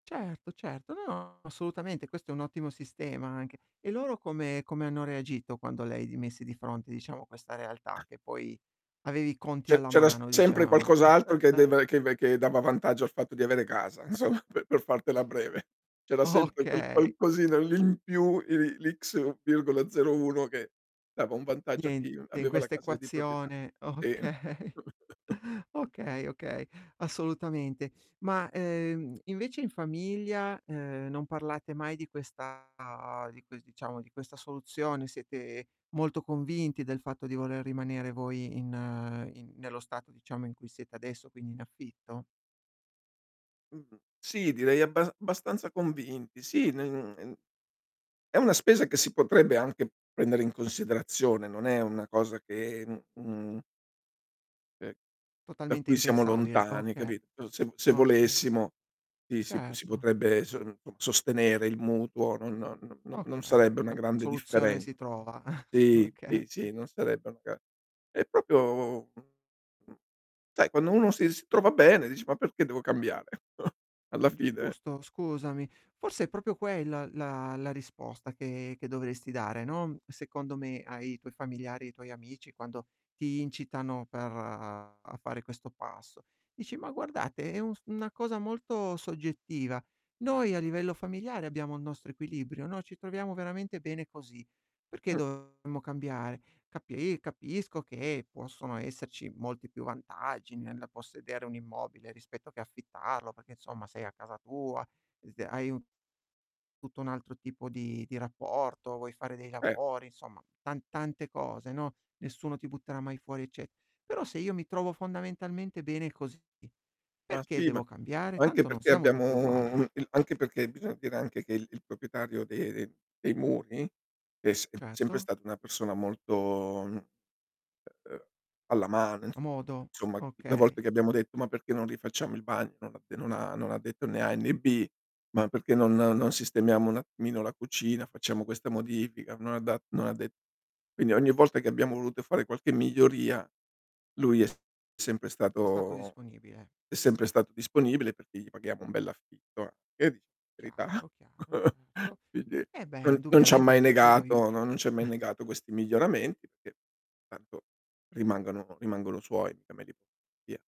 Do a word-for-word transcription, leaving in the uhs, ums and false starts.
Certo, certo. No, no, assolutamente, questo è un ottimo sistema anche. E loro come come hanno reagito quando le hai di messi di fronte, diciamo, questa realtà che poi, avevi i conti Ce alla c'era s mano, sempre diciamo? qualcos'altro che deva che v che dava vantaggio al fatto di avere casa, insomma, pe per fartela breve. C'era O sempre quel okay. qualcosina lì in più, i li l'X, ics virgola zero uno che dava un vantaggio a chi Niente in aveva la casa di propietà. quest'equazione o E okay. Okay, okay, assolutamente. Ma, ehm, invece, in famiglia, ehm, non parlate mai di questa di ques diciamo, di questa soluzione? Siete molto convinti del fatto di voler rimanere voi in in nello stato, diciamo, in cui siete adesso, quindi in affitto? Mh, sì, direi abbasa bastanza convinti, sì, n e n è una spesa che si potrebbe anche prendere in considerazione, non è una cosa che, mhmm, mhmm ehm, da Totalmente cui siamo impensabile, lontani, hai okay. capi o se vo se Okay. volessimo, i si p si Certo. potrebbe s [unintelligible] sostenere il mutuo, non no no non Okay, sarebbe una 'na grande soluzione differen si trova. sì, sì, Okay. sì, non sarebbe una ga è propio, [unintelligible] sai quando uno si s trova bene dici: "Ma perché devo cambiare?" Alla È fine giusto, scusami. Forse è propio quella la la risposta che che dovresti dare, non- secondo me- ai tuoi familiari, ai tuoi amici quando ti incitano per a fare questo passo. Dici: "Ma guardate, è un s una cosa molto soggettiva. Noi a livello familiare abbiamo il nostro equilibrio, no, ci troviamo veramente bene così, perché Mh. dovremmo cambiare? Capi capisco che possono esserci molti più vantaggi nella possedere un immobile rispetto che affittarlo, perché, insomma, sei a casa tua, dite hai un tutto un altro tipo di di rapporto, vuoi fare dei Eh. lavori, insomma, tan tante cose, no. Nessuno ti butterà mai fuori, ecce però se io mi trovo fondamentalmente bene così, Ma perché sì, ma devo cambiare? anche Tanto non perché siamo tutti abbiamo uguali." il anche perché bisogna dire anche che il il proprietario de ehm, dei muri è sem sempre Certo. stato una persona molto, mhmm, ehm alla mano, A modo, insomma, le okay. volte che abbiamo detto: "Ma perché non rifacciamo il bagno," non l'ha de non ha non l'ha detto né A e né B. "Ma perché non non sistemiamo un attimino la cucina, facciamo questa modifica," non ha da non ha de quindi ogni volta che abbiamo voluto fare qualche miglioria, lui è s sempre È stato stato disponibile. è sempre stato disponibile perché gli paghiamo un bell'affitto, eh. E dici verità. Chiaro, chiaro, certo. Quindi Eh beh, non non c'ha indubbiamente, mai anche quello negato no, aiuta. non ci ha mai negato questi miglioramenti perché tanto rimangono rimangono suoi, mica me li via